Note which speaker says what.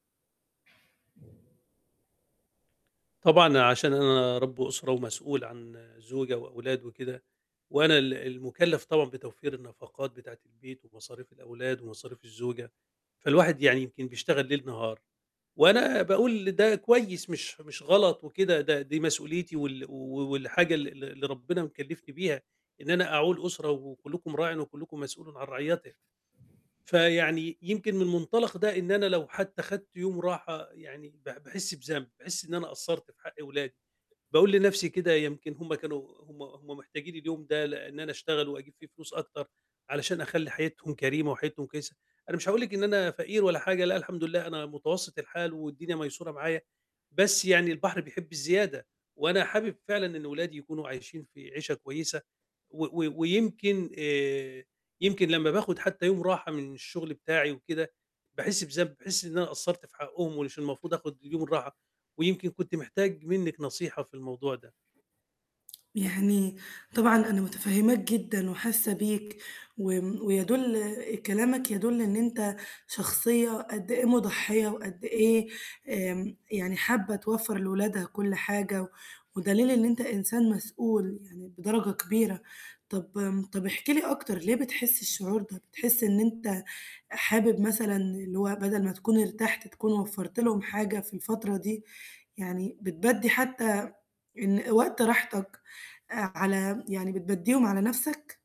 Speaker 1: طبعًا عشان أنا رَب أسرة ومسؤول عن زوجة وأولاد وكده، وأنا ال المُكلَّف طبعًا بتوفير النفقات بتاعة البيت ومصاريف الأولاد ومصاريف الزوجة، فالواحد يعني يمكن بيشتغل ليل نهار، وأنا باقول ده كويس مش مش غلط وكده، ده دي مسؤوليتي وال و والحاجة ال ال اللي ربنا مكلِّفني بيها إن أنا أعول أسرة، وكُلّكم راعٍ وكُلّكم مسؤولٌ عن رعيته. فيعني يمكن من مُنطلق ده إن أنا لو حتى خدت يوم راحة، يعني ب باحس بذنب، باحِس إن أنا قصَّرت في حق ولادي، باقول لنَفسي كده يمكن هُم كانوا هُم هُم محتاجين اليوم ده ل أن أنا أشتغل وأجيب فيه فلوس أكتر، علشان أخلّي حياتهم كريمة وحياتهم كويسة، أنا مش هاقول لِك إن أنا فقير ولا حاجة، لأ الحمد لله أنا متوسط الحال والدنيا ميسورة معايا، بس يعني البحر بيحب الزيادة، وأنا حابب فعلًا إن ولادي يكونوا عايشين في عيشة كويسة، و و ويمكن آآ، يمكن لمّا باخد حتى يوم راحة من الشُغل بتاعي وكده، باحس بذنب، باحس إن أنا قصَّرت في حقُهُم ومش المفروض آخُد اليوم الراحة، ويمكن كنت محتاج منِّك نصيحة في الموضوع ده.
Speaker 2: يعني طبعًا أنا مُتفهِماك جدًا وحاسة بيك، وم ويَدُل كلامك يَدُل إن أنت شخصية قد إيه مُضحِيّة وقد إيه آمم، يعني حابة توفّر لولادها كُل حاجة، و ودليل إن أنت إنسان مسؤول يعني بدرجة كبيرة. طب آمم، طَب احكِ لي أكتر ليه بتحس الشعور ده؟ بتحس إن أنت حابب مثلًا اللي هو بدل ما تكون ارتحت تكون وفَّرت لهُم حاجة في الفترة دي، يعني بتبدِّي حتى إن وقت راحتك آآ على يعني بتبدِّيهم على نَفسك؟